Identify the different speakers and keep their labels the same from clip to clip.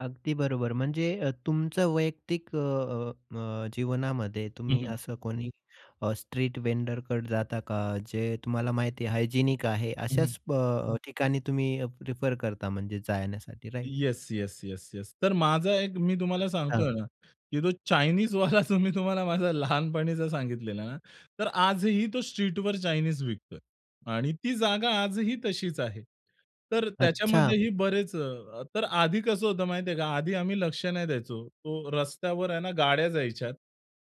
Speaker 1: अगदी बरोबर, म्हणजे अ, तुमच्या वैयक्तिक अ, अ, अ, जीवनामध्ये
Speaker 2: हं,
Speaker 1: तुम्ही
Speaker 2: हं.
Speaker 1: असं कोणी अ, स्ट्रीट व्हेंडरकडे जाता का, जे तुम्हाला माहिती आहे हायजिनिक आहे?
Speaker 2: हं, हं.
Speaker 1: अशाच अ, ठिकाणी तुम्ही प्रिफर करता म्हणजे जाण्यासाठी, right?
Speaker 2: Yes, yes, yes, yes. तर माझा एक मी तुम्हाला
Speaker 1: अच्छा.
Speaker 2: सांगतोय ना की जो चायनीजवाला जो मी तुम्हाला माझा लहानपणीचा सांगितलेला आहे ना, तर आजही तो स्ट्रीटवर चायनीज विकतोय. आणि ती जागा आजही तशीच आहे. तर
Speaker 1: अच्छा.
Speaker 2: त्याच्यामध्येही बरेच अ, तर आधी कसं होतं, माहिती आहे का? आधी आम्ही लक्ष नाही द्यायचो. तो रस्त्यावर आहे ना, गाड्या जायच्या.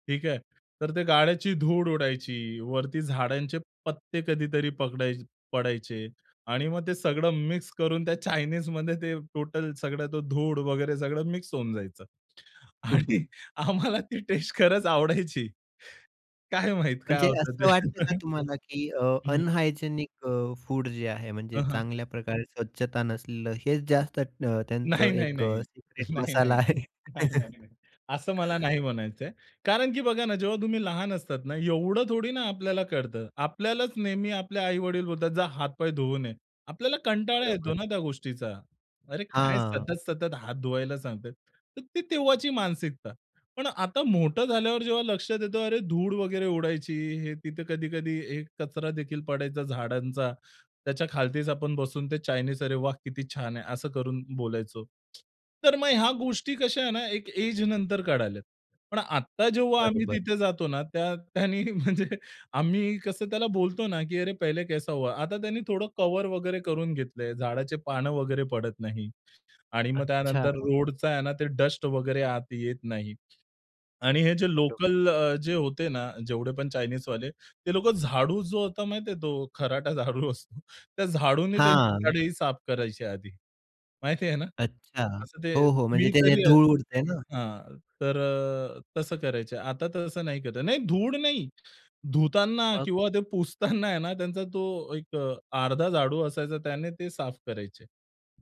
Speaker 2: ठीक आहे. तर त्या गाड्यांची धूळ उडायची, वरती झाडांचे पत्ते कधीतरी पगडाय पडायचे. आणि मग ते सगळं मिक्स करून त्या चायनीजमध्ये ते टोटल सगळं ती धूळ वगैरे सगळं मिक्स होऊन जायचं.
Speaker 1: हं, हं.
Speaker 2: आणि आम्हाला ती टेस्ट खरंच आवडायची. काय माहीत काय
Speaker 1: म्हणजे
Speaker 2: होतं ते.
Speaker 1: असं वाटतं का तुम्हाला की अ,
Speaker 2: हं, हं.
Speaker 1: अनहायजिनिक अ, फूड जे आहे
Speaker 2: हं,
Speaker 1: म्हणजे
Speaker 2: हं.
Speaker 1: चांगल्याप्रकारे स्वच्छता नसलेलं हेच जास्त अ,
Speaker 2: नाही,
Speaker 1: त्यांचं
Speaker 2: नाही,
Speaker 1: एक
Speaker 2: नाही.
Speaker 1: अ, सिक्रेट
Speaker 2: नाही,
Speaker 1: मसाला
Speaker 2: नाही.
Speaker 1: आहे.
Speaker 2: नाही, नाही, नाही. असं मला नाही म्हणायचंय. कारण की बघा ना जेव्हा तुम्ही लहान असतात ना, एवढं थोडी ना आपल्याला कळतं. आपल्यालाच नेहमी आपले आई-वडील बोलतात, जा हात-पाय धुवून ये. आपल्याला कंटाळा येतो
Speaker 1: बरोबर.
Speaker 2: ना त्या गोष्टीचा. अरे काय
Speaker 1: हां.
Speaker 2: सतत-सतत हात धुवायला सांगतायेत! तर ती तेव्हाची मानसिकता. पण आता मोठं झाल्यावर जेव्हा लक्षात येतं, अरे धूळ वगैरे उडायची, हे तिथे कधी-कधी हे कचरा देखील पडायचा झाडांचा, त्याच्या खालीच आपण बसून ते चायनीज, अरे वाह! किती छान आहे, असं करून बोलायचो. तर मग ह्या गोष्टी कशा आहे ना, एक एज नंतर कळाल्यात. पण आता जेव्हा आम्ही
Speaker 1: बरोबर.
Speaker 2: तिथे जातो ना, त्या त्याने, म्हणजे आम्ही कसं त्याला बोलतो ना की अरे पहिले कैसा हुआ? आता त्याने थोडं कव्हर वगैरे करून घेतलंय, झाडाची पानं वगैरे पडत नाहीत. आणि मग
Speaker 1: अच्छा.
Speaker 2: त्यानंतर रोडचा आहे ना ते डस्ट वगैरे आत येत नाही. आणि हे जे
Speaker 1: बरोबर.
Speaker 2: लोकल अ, जे होते ना, जेवढे पण चायनीजवाले ते लोकं झाडू जो होता, माहिती आहे तो खराटा झाडू असतो, त्या झाडूने त्यांची
Speaker 1: हां.
Speaker 2: कढई साफ करायचे आधी, माहिती आहे ना?
Speaker 1: अच्छा
Speaker 2: असं ते
Speaker 1: हो, हो, म्हणजे
Speaker 2: मी
Speaker 1: ते जे
Speaker 2: तरी
Speaker 1: धूळ उडतंय ना.
Speaker 2: हां. तर अ, तसं करायचे. आता तसं नाही करत नाही धूळ नाही. धुताना
Speaker 1: मग?
Speaker 2: किंवा ते पुसताना आहे ना, त्यांचा तो एक अर्धा झाडू असायचा, त्याने ते साफ करायचे.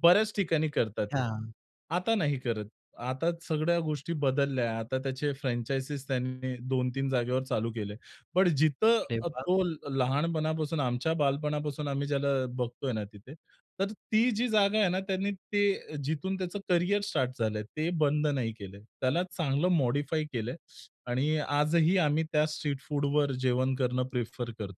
Speaker 2: बर्‍याच ठिकाणी करतात हे.
Speaker 1: हां.
Speaker 2: आता नाही करत. आता सगळ्या गोष्टी बदलल्या आहे. आता त्याचे फ्रँचायझी त्यांनी 2-3 जागेवर चालू केले. पण जिथं
Speaker 1: अरे वाह!
Speaker 2: तो लहानपणापासून, आमच्या बालपणापासून आम्ही ज्याला अ, बघतोय ना, तिथे तर ती जी जागा आहे ना त्याने ते जिथून त्याचं करिअर स्टार्ट झालंय, ते बंद नाही केलंय. त्याला चांगलं मॉडिफाय केलंय आणि आजही आम्ही त्या स्ट्रीट फूडवर जेवण करणं प्रिफर करतो.